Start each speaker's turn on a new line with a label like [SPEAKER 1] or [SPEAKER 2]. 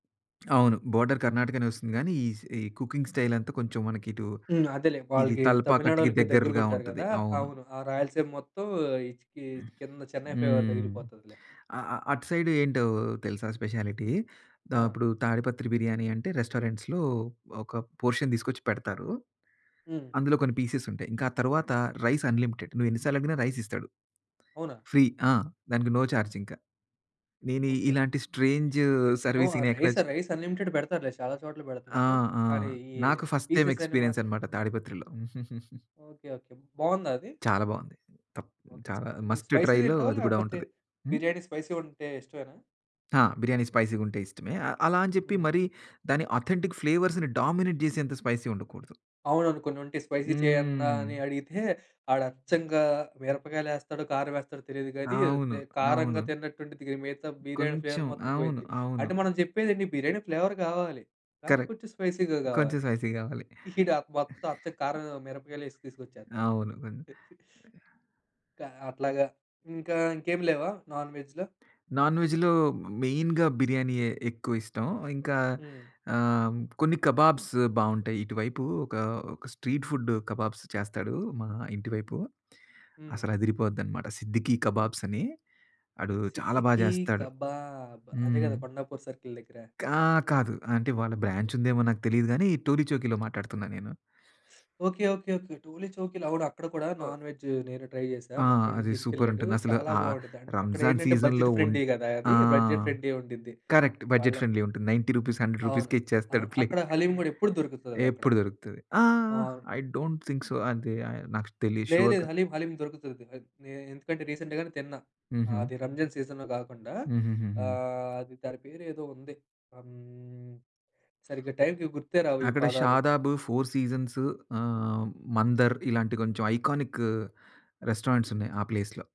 [SPEAKER 1] అవును. బోర్డర్ కర్ణాటకనే ఒస్తుంది గానీ, ఈస్ ఏ కుకింగ్ స్టైలంతా, కొంచెం మనకిటు,
[SPEAKER 2] హ్మ్. అదేలే,
[SPEAKER 1] ఇది
[SPEAKER 2] వాళ్ళకీ
[SPEAKER 1] తల్పాకట్టికి
[SPEAKER 2] తమిళనాడోళ్ళకి
[SPEAKER 1] దెగ్గరగా
[SPEAKER 2] దెగ్గరగుంటారు
[SPEAKER 1] ఉంటది.
[SPEAKER 2] గదా!
[SPEAKER 1] అవును.
[SPEAKER 2] అవును. ఆ రాయలసీమ మొత్తం, ఈ చిక్కీచి
[SPEAKER 1] హ్మ్.
[SPEAKER 2] కింద చెన్నై ఫీవర్
[SPEAKER 1] హ్మ్.
[SPEAKER 2] దగిలిపోతదిలే.
[SPEAKER 1] అ అ అటు సైడు ఏంటో తెలుసా స్పెషాలిటీ, ద
[SPEAKER 2] ఆ!
[SPEAKER 1] అపుడు, తాడిపత్రి బిర్యానీ అంటే, రెస్టారెంట్స్‌లో ఒక పోర్షన్ తీసుకొచ్చి పెడతారూ.
[SPEAKER 2] హ్మ్.
[SPEAKER 1] అందులో కొన్ని పీసెస్ ఉంటాయి. ఇంకా ఆ తరువాత, రైస్ అన్‌లిమిటెడ్, నువ్వేన్ని సార్లడిగినా రైసిస్తాడు.
[SPEAKER 2] అవునా?
[SPEAKER 1] ఫ్రీ. ఆ! దానికి నో చార్జింక. నేనీ
[SPEAKER 2] ఓకే.
[SPEAKER 1] ఇలాంటి స్ట్రేంజూ
[SPEAKER 2] ఓహ్! ఆ
[SPEAKER 1] సర్విసింగ్‌నెక్కడ
[SPEAKER 2] రైసా,
[SPEAKER 1] చు
[SPEAKER 2] రైస్ అన్‌లిమిటెడ్ బెడతారులే, చాలా చోట్ల
[SPEAKER 1] ఆ!
[SPEAKER 2] బెడుతున్నారు.
[SPEAKER 1] ఆ!
[SPEAKER 2] కానీ ఈ
[SPEAKER 1] నాకు ఫస్ట్ టైమ్
[SPEAKER 2] పీసెస్ అని
[SPEAKER 1] ఎక్స్పీరియన్స్
[SPEAKER 2] మాత్రం
[SPEAKER 1] అనమాట, తాడిపత్రిలో.
[SPEAKER 2] ఓకే. ఓకే. బావుందా అది?
[SPEAKER 1] చాలా బావుంది. తప్ హ్మ్,
[SPEAKER 2] ఓకే.
[SPEAKER 1] చాలా
[SPEAKER 2] నీకు
[SPEAKER 1] మస్ట్
[SPEAKER 2] స్పైసీ
[SPEAKER 1] ట్రైలో
[SPEAKER 2] తింటావా?
[SPEAKER 1] అది గూడా
[SPEAKER 2] లేకపోతే
[SPEAKER 1] ఉంటది. హ్మ్?
[SPEAKER 2] బిర్యానీ స్పైసీ ఉంటే ఇష్టమేనా?
[SPEAKER 1] ఆ! బిర్యానీ స్పైసీగుంటే ఇష్టమే. ఆహ్, అలా అని చెప్పి,
[SPEAKER 2] హ్మ్.
[SPEAKER 1] మరీ దాని అథెంటిక్ ఫ్లేవర్స్‌ని డామినేట్ జేసేంత, స్పైసీ ఉండకూడదు.
[SPEAKER 2] అవునవును, కొన్నుంటయి. స్పైసీ చేయండ్రా
[SPEAKER 1] హ్మ్.
[SPEAKER 2] అని అడిగితే ఆడచ్చంగా, మిరపకాయలేస్తాడో, కారమేస్తాడో తెలీదు గానీ, ఏదో
[SPEAKER 1] అవును.
[SPEAKER 2] తే
[SPEAKER 1] అవును.
[SPEAKER 2] కారంగా తిన్నట్టుండిద్ది గానీ, మిగతా బిర్యానీ ఫ్లేవర్
[SPEAKER 1] కొంచెం.
[SPEAKER 2] మొత్తం
[SPEAKER 1] అవును.
[SPEAKER 2] పోయిద్ది.
[SPEAKER 1] అవును.
[SPEAKER 2] అంటే, మనం చెప్పేదేండి, బిర్యానీ ఫ్లేవర్ గావాలి, కానీ
[SPEAKER 1] కరెక్ట్.
[SPEAKER 2] కొంచెం స్పైసీగా
[SPEAKER 1] కొంచెం
[SPEAKER 2] గావాలి.
[SPEAKER 1] స్పైసీ గావాలి.
[SPEAKER 2] ఈడా మొత్తం అచ్చం కారం, మిరపకాయలేసి తీసుకొచ్చేత్తాడు.
[SPEAKER 1] అవును. గొన్
[SPEAKER 2] కా అట్లాగా. ఇంకా ఇంకేమి లేవా నాన్-వెజ్‌లో?
[SPEAKER 1] నాన్-వెజ్‌లో మ్ మెయిన్‌గా బిర్యానీయే ఎక్కువిష్టం. ఆహ్, ఇంకా
[SPEAKER 2] హ్మ్.
[SPEAKER 1] ఆ! హ్మ్. కొన్ని కబాబ్స్ బావుంటాయి. ఇటువైపు ఒకా, ఒక స్ట్రీట్ ఫుడ్డు కబాబ్స్ చేస్తాడూ, మా ఇంటి వైపు.
[SPEAKER 2] హ్మ్.
[SPEAKER 1] అసలదిరిపోద్దనమాట. సిద్దికీ కబాబ్సని. ఆడూ చాలా బా
[SPEAKER 2] సిద్దికీ
[SPEAKER 1] జేస్తాడు.
[SPEAKER 2] కబాబ్ అదే
[SPEAKER 1] హ్మ్.
[SPEAKER 2] గదా! కొండాపూర్ సర్కిల్ దెగ్గర.
[SPEAKER 1] కా కాదు. అంటే, వాళ్ళ బ్రాంచుందేమో నాకు తెలీదు గానీ, టోలిచౌకీలో మాట్లాడుతున్నా నేను.
[SPEAKER 2] ఓకే. ఓకే. ఓకే. టోలిచౌకిలో, అవును అక్కడ కూడా
[SPEAKER 1] ఓహ్!
[SPEAKER 2] నాన్-వెజ్జు నేనూ ట్రై జేసా.
[SPEAKER 1] ఆ!
[SPEAKER 2] మా ఫ్రెండు
[SPEAKER 1] అది
[SPEAKER 2] దీసుకెళ్ళాడూ.
[SPEAKER 1] సూపరుంటుంది. అసలు
[SPEAKER 2] చాలా
[SPEAKER 1] ఆ
[SPEAKER 2] బావుండ్డిద్దంటే,
[SPEAKER 1] రంజాను
[SPEAKER 2] అక్కడేంటంటే
[SPEAKER 1] సీజన్‌లో
[SPEAKER 2] బడ్జెట్
[SPEAKER 1] ఉంట్
[SPEAKER 2] ఫ్రెండ్లీ గదా
[SPEAKER 1] ఆ!
[SPEAKER 2] అది! బడ్జెట్ ఫ్రెండ్లీ ఉండిద్ది.
[SPEAKER 1] కరెక్ట్,
[SPEAKER 2] వాళ్ళ
[SPEAKER 1] బడ్జెట్ ఫ్రెండ్లీ ఉంటుంది. 90 రూపీస్, 100
[SPEAKER 2] అవును.
[SPEAKER 1] రూపీస్‌కే ఇచ్చేస్తాడు
[SPEAKER 2] ఆహ్, అక్కడ
[SPEAKER 1] ప్లేటు.
[SPEAKER 2] హలీం గూడా ఎప్పుడు దొరుకుతదదక్కడ.
[SPEAKER 1] ఏప్పుడు దొరుకుతది. ఆ!
[SPEAKER 2] ఓహ్! అవును.
[SPEAKER 1] ఐ డోంట్ థింక్ సో, అది ఐ నాకు తెలీదు
[SPEAKER 2] లేదు. లేదు.
[SPEAKER 1] షుర్‌గా.
[SPEAKER 2] హలీం హలీం దొరుకుతుది. అద్ నే ఎందుకంటే, రీసెంట్ గానే తిన్నా.
[SPEAKER 1] హుహు.
[SPEAKER 2] ఆది రంజాను సీజన్‌లో గాకుండా
[SPEAKER 1] హుహుహుహు.
[SPEAKER 2] ఆహ్, అది దాని పేరేదో ఉంది. ఆ! హ్మ్. సరిగ్గా టైంకి గుర్తే రావు ఈ
[SPEAKER 1] అక్కడ
[SPEAKER 2] పదాలు.
[SPEAKER 1] 'షాదాబ్', '4 సీజన్స్', ఆ! హ్మ్. 'మందర్' ఇలాంటి కొంచెం ఐకానిక్కు రెస్టారెంట్సున్నాయి ఆ ప్లేస్‌లో.